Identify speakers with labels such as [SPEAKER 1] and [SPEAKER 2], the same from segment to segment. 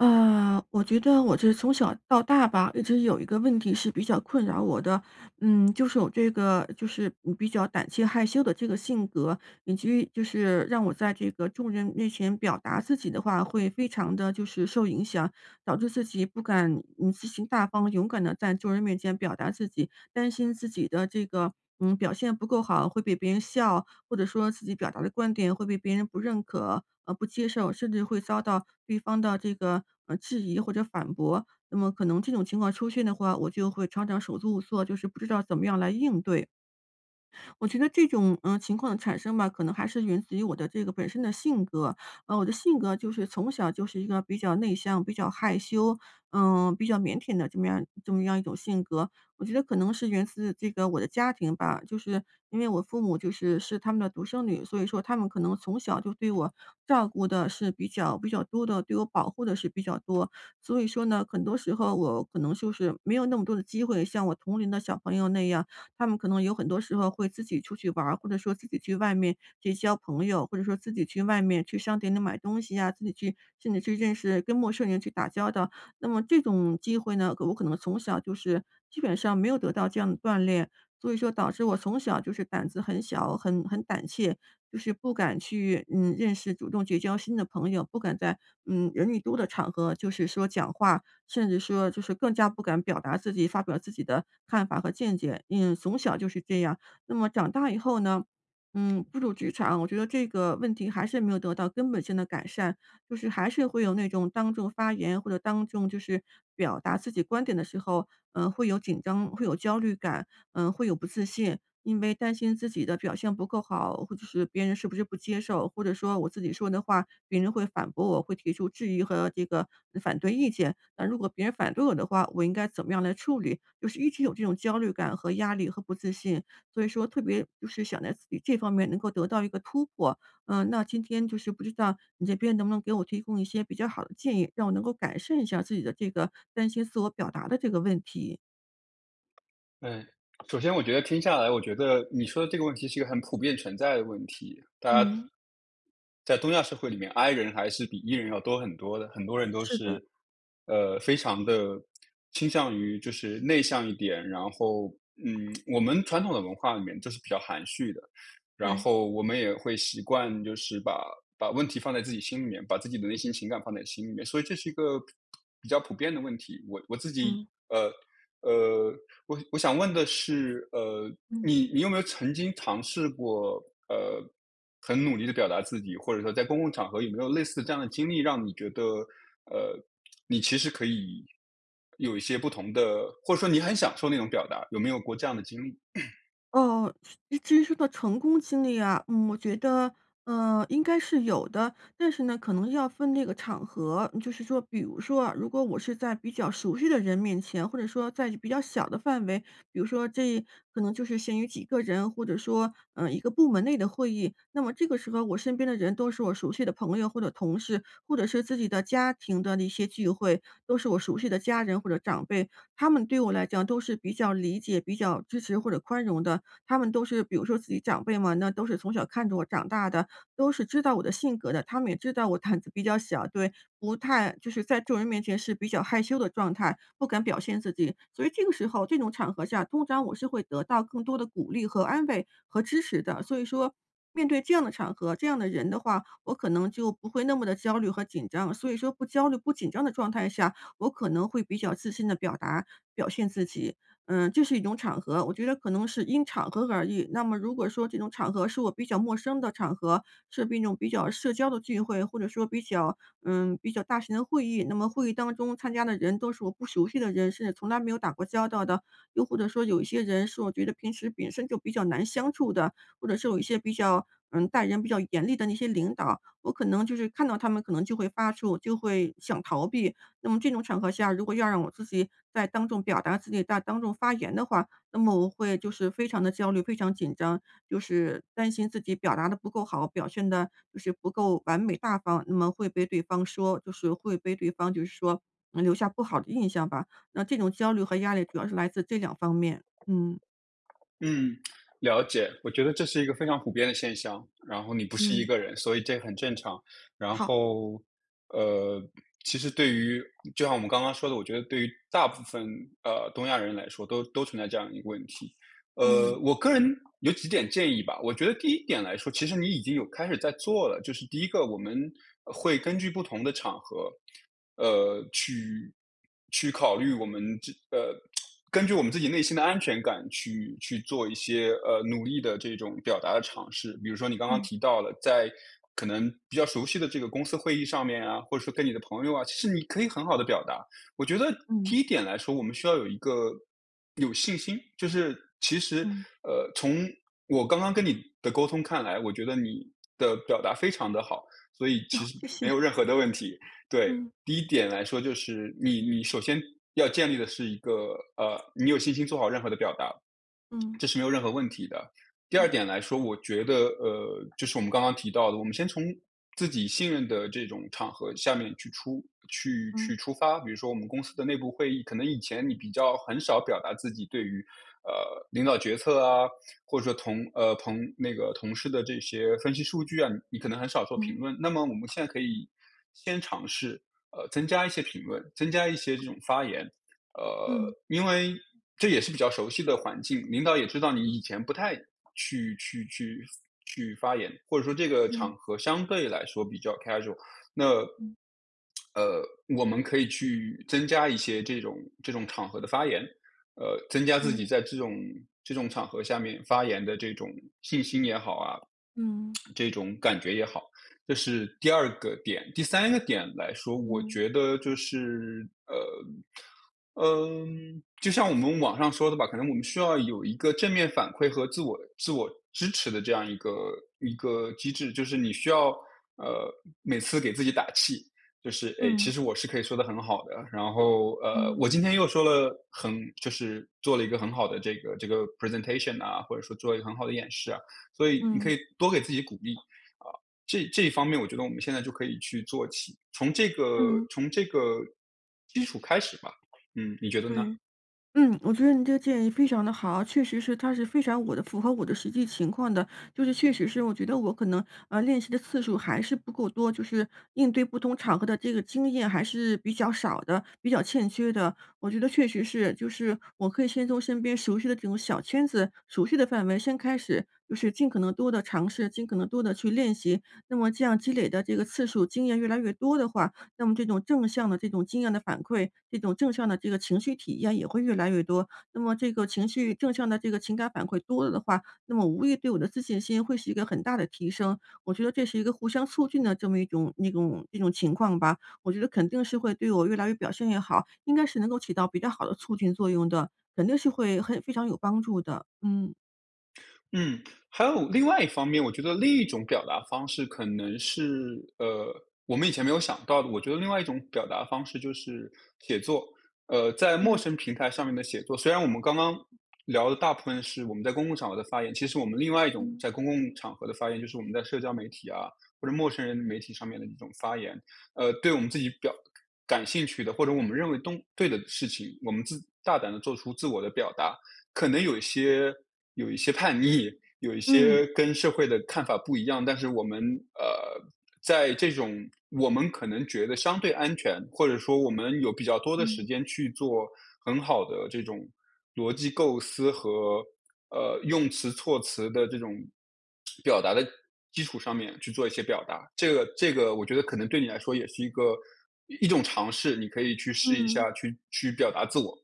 [SPEAKER 1] 呃，我觉得我是从小到大吧，一直有一个问题是比较困扰我的。嗯，就是我这个就是比较胆气害羞的这个性格，以及就是让我在这个，众人面前表达自己的话，会非常地就是受影响，导致自己不敢积极、大方、勇敢地在众人面前表达自己担心自己的这个，嗯，表现不够好，会被别人笑。或者说自己表达的观点，会被别人不认可和不接受，甚至会遭到对方的这个质疑，或者反驳。那么可能这种情况出现的话，我就会常常手足无措就是不知道怎么样来应对。我觉得这种，呃，情况的产生吧，可能还是源自于我的这个本身的性格。啊，我的性格就是从小就是一个比较内向、比较害羞，嗯，比较腼腆的这么样这么样一种性格。我觉得可能是源自这个我的家庭吧，就是因为我父母就是是他们的独生女，所以说他们可能从小就对我，照顾得是比较比较多的对我保护得是比较多。所以说呢，很多时候我可能就是，没有那么多的机会，像我同龄的小朋友那样他们可能有很多时候会自己出去玩儿，或者说自己去外面结交朋友，或者说自己去外面去商店里买东西啊，自己去甚至去认识跟陌生人去打交道。那么这种机会呢，我可能从小就是基本上没有得到这样的锻炼，所以说导致我从小就是胆子很小，很很胆怯就是不敢去，嗯，认识主动结交新的朋友，不敢在嗯，人一多的场合就是说讲话，甚至说就是更加不敢表达自己发表自己的看法和见解，因为从小就是这样。那么长大以后呢，嗯，步入职场，我觉得这个问题，还是没有得到根本性的改善就是还是会有那种当众发言，或者当众就是表达自己观点的时候，嗯，会有紧张会有焦虑感，嗯，会有不自信。因为担心自己的表现不够好，或者是别人是不是不接受。或者说我自己说的话，别人会反驳我会提出质疑和这个反对意见。那如果别人反对我的话，我应该怎么样来处理？就是一直有这种焦虑感和压力和不自信。所以说特别就是想在自己这方面能够得到一个突破，嗯。那今天就是不知道，你这边能不能给我提供一些比较好的建议，让我能够改善一下自己的这个担心自我表达的这个问题。
[SPEAKER 2] 呃，首先我觉得听下来，我觉得你说的这个问题是一个很普遍存在的问题。大家
[SPEAKER 1] 嗯。
[SPEAKER 2] 在东亚社会里面，i 人还是比 e 人要多很多的，很多人都
[SPEAKER 1] 是的。
[SPEAKER 2] 是，呃，非常地倾向于就是内向一点，然后，嗯，我们传统的文化里面就是比较含蓄的。然
[SPEAKER 1] 对。
[SPEAKER 2] 后我们也会习惯就是把把问题放在自己心里面，把自己的内心情感放在心里面，所以这是一个比较普遍的问题。我我自己，
[SPEAKER 1] 嗯。
[SPEAKER 2] 呃，呃，我我想问的是，呃，
[SPEAKER 1] 嗯。
[SPEAKER 2] 你你有没有曾经尝试过，呃，很努力地表达自己，或者说在公共场合，有没有类似这样的经历，让你觉得，呃，你其实可以有一些不同的，或者说你很享受那种表达，有没有过这样的经历？
[SPEAKER 1] 哦，至于说到成功经历啊，嗯，我觉得，呃，应该是有的，但是呢，可能要分那个场合。就是说比如说啊，如果我是在比较熟悉的人面前，或者说在比较小的范围，比如说这，可能就是限于几个人，或者说，呃，一个部门内的会议，那么这个时候我身边的人，都是我熟悉的朋友或者同事，或者是自己的家庭的那些聚会，都是我熟悉的家人或者长辈。他们对我来讲都是比较理解，比较支持或者宽容的，他们都是比如说自己长辈嘛，那都是从小看着我长大的，都是知道我的性格的，他们也知道我 胆子比较小，对不太就是在众人面前是比较害羞的状态，不敢表现自己。所以这个时候这种场合下，通常我是会得到更多地鼓励和安慰和支持的。所以说面对这样的场合、这样的人的话，我可能就不会那么地焦虑和紧张。所以说不焦虑、不紧张的状态下，我可能会比较自信地表达表现自己。嗯，这是一种场合，我觉得可能是因场合而异。那么如果说这种场合，是我比较陌生的场合，是一种比较社交的聚会，或者说比较，嗯，比较大型的会议，那么会议当中参加的人都是我不熟悉的人，甚至从来没有打过交道的，又或者说有一些人是我觉得平时本身就比较难相处的，或者是有一些比较，嗯，待人比较严厉的那些领导。我可能就是看到他们可能就会发怵，就会想逃避。那么这种场合下，如果要让我自己再当众表达自己、再当众发言的话，那么我会就是非常地焦虑、非常紧张，就是担心自己表达得不够好，表现得就是不够完美、大方，那么会被对方说。就是会被对方就是说，嗯，留下不好的印象吧。那这种焦虑和压力主要是来自这两方面，嗯。
[SPEAKER 2] 嗯，了解。我觉得这是一个非常普遍的现象，然后你不是一
[SPEAKER 1] 嗯。
[SPEAKER 2] 个人，所以这很正常。然
[SPEAKER 1] 好。
[SPEAKER 2] 后，呃，其实对于就像我们刚刚说的，我觉得对于大部分，呃，东亚人来说，都都存在这样一个问题。
[SPEAKER 1] 嗯。
[SPEAKER 2] 呃，我个人有几点建议吧，我觉得第一点来说，其实你已经有开始在做了，就是第1个我们会根据不同的场合，呃，去去考虑我们这个呃，根据我们自己内心的安全感去去做一些，呃，努力的这种表达的尝试。比如说你刚刚
[SPEAKER 1] 嗯。
[SPEAKER 2] 提到了，在可能比较熟悉的这个公司会议上面啊，或者说跟你的朋友啊，其实你可以很好地表达。我觉得第
[SPEAKER 1] 嗯。
[SPEAKER 2] 1点来说，我们需要有一个，有信心。就是其实，
[SPEAKER 1] 嗯。
[SPEAKER 2] 呃，从我刚刚跟你的沟通看来，我觉得你的表达非常地好，所以其实
[SPEAKER 1] 谢
[SPEAKER 2] 没
[SPEAKER 1] 谢。
[SPEAKER 2] 有任何的问题。对。
[SPEAKER 1] 嗯。
[SPEAKER 2] 第1点来说，就是你你首先要建立的是一个，呃，你有信心做好任何的表达，
[SPEAKER 1] 嗯。
[SPEAKER 2] 这是没有任何问题的。第2
[SPEAKER 1] 好。
[SPEAKER 2] 点来说，我觉得，呃，就是我们刚刚提到的，我们先从自己信任的这种场合下面去出去去
[SPEAKER 1] 嗯。
[SPEAKER 2] 出发，比如说我们公司的内部会议，可能以前你比较很少表达自己对于，呃，领导决策啊，或者说同呃，同那个同事的这些，分析数据啊，你可能很少做评
[SPEAKER 1] 嗯。
[SPEAKER 2] 论，那么我们现在可以先尝试，呃，增加一些评论，增加一些这种发言。呃，
[SPEAKER 1] 嗯。
[SPEAKER 2] 因为这也是比较熟悉的环境，领导也知道你以前不太去去去去发言，或者说这个
[SPEAKER 1] 嗯。
[SPEAKER 2] 场合相对来说比较 casual，那
[SPEAKER 1] 嗯
[SPEAKER 2] 呃，我们可以去增加一些这种这种场合的发言。呃，增加自
[SPEAKER 1] 对。
[SPEAKER 2] 己在这种这种场合下面发言的这种信心也好啊，
[SPEAKER 1] 嗯。
[SPEAKER 2] 这种感觉也好。这是第2个点。第3个点来说，我
[SPEAKER 1] 嗯。
[SPEAKER 2] 觉得就是，呃，嗯，就像我们网上说的吧，可能我们需要有一个正面反馈和自我自我支持的这样一个一个机制，就是你需要，呃，每次给自己打气。就是，哎，其
[SPEAKER 1] 嗯。
[SPEAKER 2] 实我是可以说得很好的，然后，呃，
[SPEAKER 1] 嗯。
[SPEAKER 2] 我今天又说了很就是做了一个很好的这个这个 Presentation 啊，或者说做一个很好的演示啊，所以你可
[SPEAKER 1] 嗯。
[SPEAKER 2] 以多给自己鼓励。啊，这这一方面我觉得我们现在就可以去做起，从这个
[SPEAKER 1] 嗯。
[SPEAKER 2] 从这个基础开始吧。嗯，你觉得呢？
[SPEAKER 1] 对，嗯，我觉得你这个建议非常得好。确实是，它是非常我的符合我的实际情况的。就是确实是我觉得我可能，呃，练习的次数还是不够多，就是应对不同场合的这个经验还是比较少的、比较欠缺的。我觉得确实是，就是我可以先从身边熟悉的这种小圈子、熟悉的范围先开始，就是尽可能多地尝试、尽可能多地去练习，那么这样积累的这个次数、经验越来越多的话，那么这种正向的这种经验的反馈、这种正向的这个情绪体验也会越来越多。那么这个情绪正向的这个情感反馈多了的话，那么无疑对我的自信心会是一个很大的提升。我觉得这是一个互相促进的这么一种一种一种情况吧，我觉得肯定是会对我越来越表现也好，应该是能够起到比较好的促进作用的，肯定是会很非常有帮助的，嗯。
[SPEAKER 2] 嗯，还有另外一方面。我觉得另一种表达方式可能是呃，我们以前没有想到的。我觉得另外一种表达方式就是写作，呃，在陌
[SPEAKER 1] 嗯。
[SPEAKER 2] 生平台上面的写作。虽然我们刚刚聊的大部分是我们在公共场合的发言，其实我们另外一种
[SPEAKER 1] 嗯。
[SPEAKER 2] 在公共场合的发言，就是我们在社交媒体啊，或者陌生人媒体上面的这种发言。呃，对我们自己表感兴趣的，或者我们认为东对的事情，我们自大胆地做出自我的表达。可能有一些有一些叛逆，有一
[SPEAKER 1] 嗯。
[SPEAKER 2] 些跟社会的看法不一样。但是我们呃，在这种我们可能觉得相对安全，或者说我们有比较多的时
[SPEAKER 1] 嗯。
[SPEAKER 2] 间去做很好的这种逻辑构思和，呃，用词措辞的这种表达的基础上面去做一些表达，这个这个我觉得可能对你来说也是一个一种尝试。你可以去试一
[SPEAKER 1] 嗯。
[SPEAKER 2] 下，去去表达自我。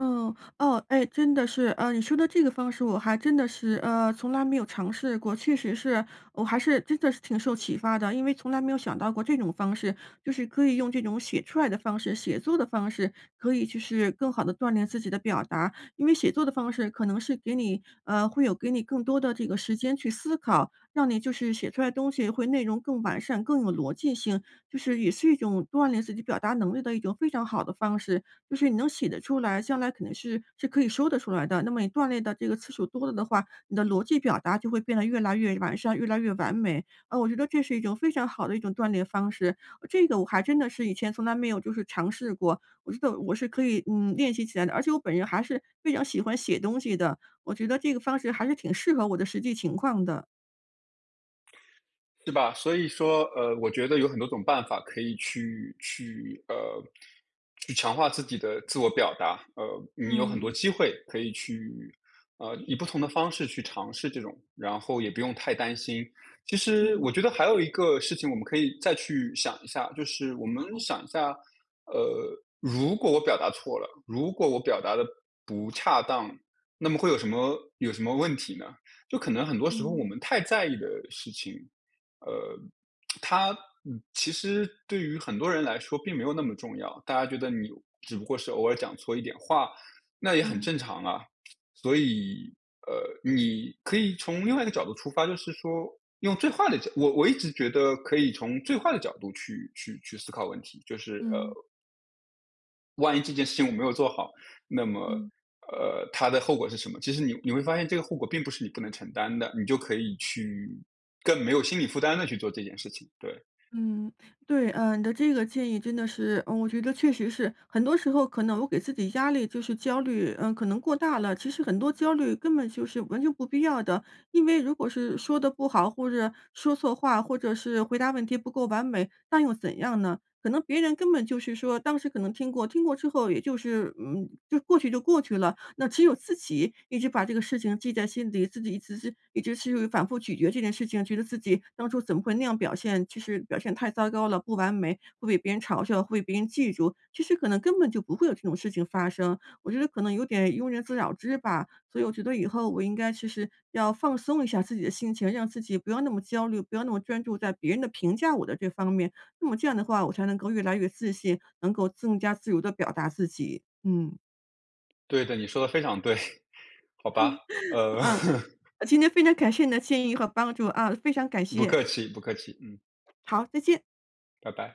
[SPEAKER 1] 嗯，哦。哎，真的是。啊，你说的这个方式我还真的是，呃，从来没有尝试过。确实是我还是真的是挺受启发的，因为从来没有想到过这种方式，就是可以用这种写出来的方式、写作的方式，可以就是更好地锻炼自己的表达。因为写作的方式可能是给你呃，会有给你更多的这个时间去思考。让你就是写出来的东西会内容更完善、更有逻辑性，就是也是一种锻炼自己表达能力的一种非常好的方式。就是你能写得出来，将来肯定是是可以说得出来的。那么你锻炼的这个次数多了的话，你的逻辑表达就会变得越来越完善、越来越完美。啊，我觉得这是一种非常好的一种锻炼方式，这个我还真的是以前从来没有就是尝试过，我觉得我是可以，嗯，练习起来的。而且我本人还是非常喜欢写东西的，我觉得这个方式还是挺适合我的实际情况的。
[SPEAKER 2] 是吧，所以说，呃，我觉得有很多种办法可以去去呃，去强化自己的自我表达。呃，你有很多
[SPEAKER 1] 嗯。
[SPEAKER 2] 机会可以去呃，以不同的方式去尝试这种，然后也不用太担心。其实
[SPEAKER 1] 嗯。
[SPEAKER 2] 我觉得还有一个事情我们可以再去想一下，就是我们
[SPEAKER 1] 好。
[SPEAKER 2] 想一下，呃：“如果我表达错了，如果我表达得不恰当，那么会有什么有什么问题呢？”就可能很多时候
[SPEAKER 1] 嗯。
[SPEAKER 2] 我们太在意的事情，呃，它其实对于很多人来说，并没有那么重要。大家觉得你，只不过是偶尔讲错一点话，那也很
[SPEAKER 1] 嗯。
[SPEAKER 2] 正常啊。所以，呃，你可以从另外一个角度出发，就是说用最坏的角我我一直觉得可以从最坏的角度去去去思考问题，就是：“呃
[SPEAKER 1] 嗯。
[SPEAKER 2] “万一这件事情我没有做好，那么，
[SPEAKER 1] 嗯。
[SPEAKER 2] 呃，它的后果是什么？“其实你你会发现这个后果并不是你不能承担的，你就可以去更没有心理负担地去做这件事情，对。
[SPEAKER 1] 嗯，对。呃，你的这个建议真的是嗯，我觉得确实是，很多时候可能我给自己压力就是焦虑，嗯，可能过大了。其实很多焦虑根本就是完全不必要的。因为如果是说得不好、或者说错话、或者是回答问题不够完美，那又怎样呢？可能别人根本就是说当时可能听过，听过之后，也就是嗯，就过去就过去了。那只有自己一直把这个事情记在心底，自己一子是一直是反复咀嚼这件事情，觉得自己当初怎么会那样表现，就是表现太糟糕了，不完美会被别人嘲笑，会被别人记住。其实可能根本就不会有这种事情发生。我觉得可能有点庸人自扰之吧。所以我觉得以后我应该就是，要放松一下自己的心情，让自己不要那么焦虑、不要那么专注在别人的评价我的这方面。那么这样的话，我才能够越来越自信，能够更加自由地表达自己，嗯。
[SPEAKER 2] 对的，你说得非常对。好吧，呃。
[SPEAKER 1] 嗯，啊，今天非常感谢你的建议和帮助啊，非常感
[SPEAKER 2] 不
[SPEAKER 1] 谢。
[SPEAKER 2] 客气不客气，嗯。
[SPEAKER 1] 好，再见。
[SPEAKER 2] 拜拜。